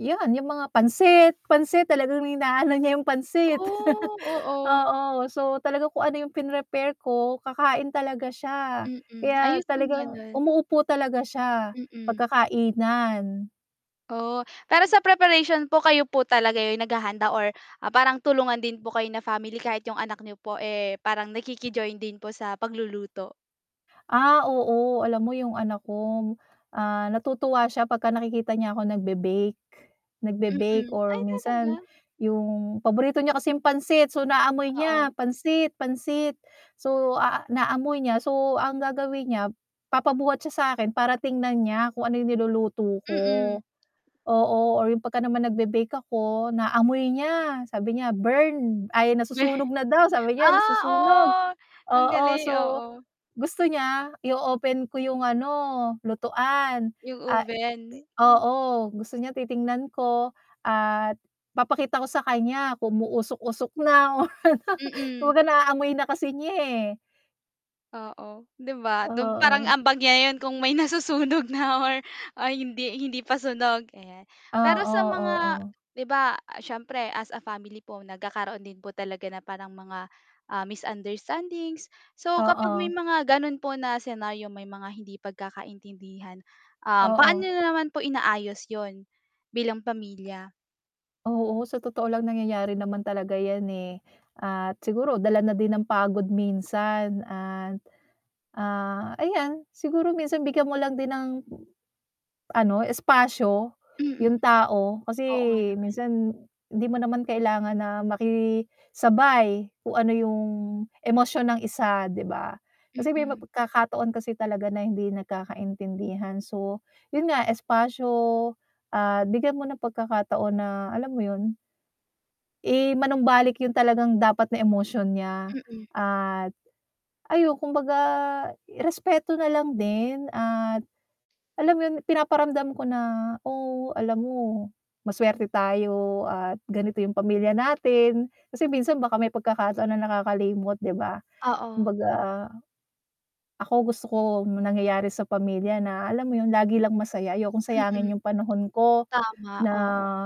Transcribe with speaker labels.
Speaker 1: 'Yun, 'yung mga pansit, pansit talagang inaano niya yung pansit.
Speaker 2: Oh. Oo.
Speaker 1: Oo. So, talaga kung ano 'yung pinrepare ko kakain talaga siya,
Speaker 2: Mm,
Speaker 1: kaya
Speaker 2: ayos kung
Speaker 1: talagang
Speaker 2: gano'n.
Speaker 1: umuupo talaga siya,
Speaker 2: Mm.
Speaker 1: pagkakainan.
Speaker 2: Oh, pero sa preparation po kayo po talaga 'yung naghahanda? Or, parang tulungan din po kayo na family? Kahit 'yung anak niyo po, eh, parang nakiki-join din po sa pagluluto.
Speaker 1: Ah. Oo, alam mo 'yung anak ko, ah, natutuwa siya 'pag ka nakikita niya ako nag-be-bake, nag-be-bake
Speaker 2: Mm,
Speaker 1: or
Speaker 2: ay
Speaker 1: minsan
Speaker 2: talaga.
Speaker 1: 'yung paborito niya kasing pansit, so, naamoy niya,
Speaker 2: Oo.
Speaker 1: pansit, pansit. So, ah, naamoy niya. So, ang gagawin niya papabuhat siya sa 'kin para tingnan niya kung ano 'yung niluluto ko.
Speaker 2: Mm.
Speaker 1: Oo, or 'yung 'pag ka naman nag be-bake ako naaamoy niya sabi niya, "burned." Ay nasusunog na daw, sabi niya
Speaker 2: Ah,
Speaker 1: nasusunog
Speaker 2: oo. Ang
Speaker 1: oo.
Speaker 2: galing,
Speaker 1: So,
Speaker 2: oo.
Speaker 1: gusto niya i-o-open ko 'yung ano, lutuan,
Speaker 2: 'Yung
Speaker 1: ah
Speaker 2: oven.
Speaker 1: oo, gusto niya titingnan ko at papakita ko sa kanya kung umuusok-usok na.
Speaker 2: Mm.
Speaker 1: Kumbaga naaamoy na kasi niya, eh.
Speaker 2: Oo, 'di ba dun parang
Speaker 1: Oo.
Speaker 2: ambag niya 'yun kung may nasusunog na or, ah, hindi hindi pa sunog, ayan. Pero
Speaker 1: Oo,
Speaker 2: sa mga,
Speaker 1: oo.
Speaker 2: 'di ba siyempre as a family po nagkakaroon din po talaga na parang mga, ah, misunderstandings, so, kapag may
Speaker 1: Oo.
Speaker 2: mga gano'n po na senaryo may mga hindi pagkakaintindihan. Um,
Speaker 1: Oo.
Speaker 2: paano na naman po inaayos 'yun? Bilang pamilya.
Speaker 1: Oo, sa totoo lang nangyayari naman talaga 'yan eh, at siguro dala na din ng pagod minsan at, ah, ayan. Siguro minsan bigyan mo lang din ng, ano espasyo
Speaker 2: Mm.
Speaker 1: 'yung
Speaker 2: It
Speaker 1: tao, kasi
Speaker 2: Oo nga naman.
Speaker 1: minsan hindi mo naman kailangan na makisabay kung ano yung emosyon ng isa, 'di ba? Kasi may
Speaker 2: Mm.
Speaker 1: pagkakataon kasi talaga na hindi nagkakaintindihan. So, 'yun nga espasyo. Ah, bigyan mo ng pagkakataon na, alam mo 'yun? I manumbalik 'yung talagang dapat na emosyon niya,
Speaker 2: Mm.
Speaker 1: at, ayun kumbaga respeto nalang din, at alam 'yun? Pinaparamdam ko na. "Oh alam mo maswerte tayo at ganito 'yung pamilya natin," kasi minsan baka may pagkakataon na nakakalimot, 'di ba.
Speaker 2: Oo.
Speaker 1: Kumbaga, ako gusto ko 'yung nangyayari sa pamilya na alam mo 'yun? Lagi lang masaya, ayokong sayangin
Speaker 2: Mm.
Speaker 1: yung panahon ko,
Speaker 2: Tama, oo.
Speaker 1: na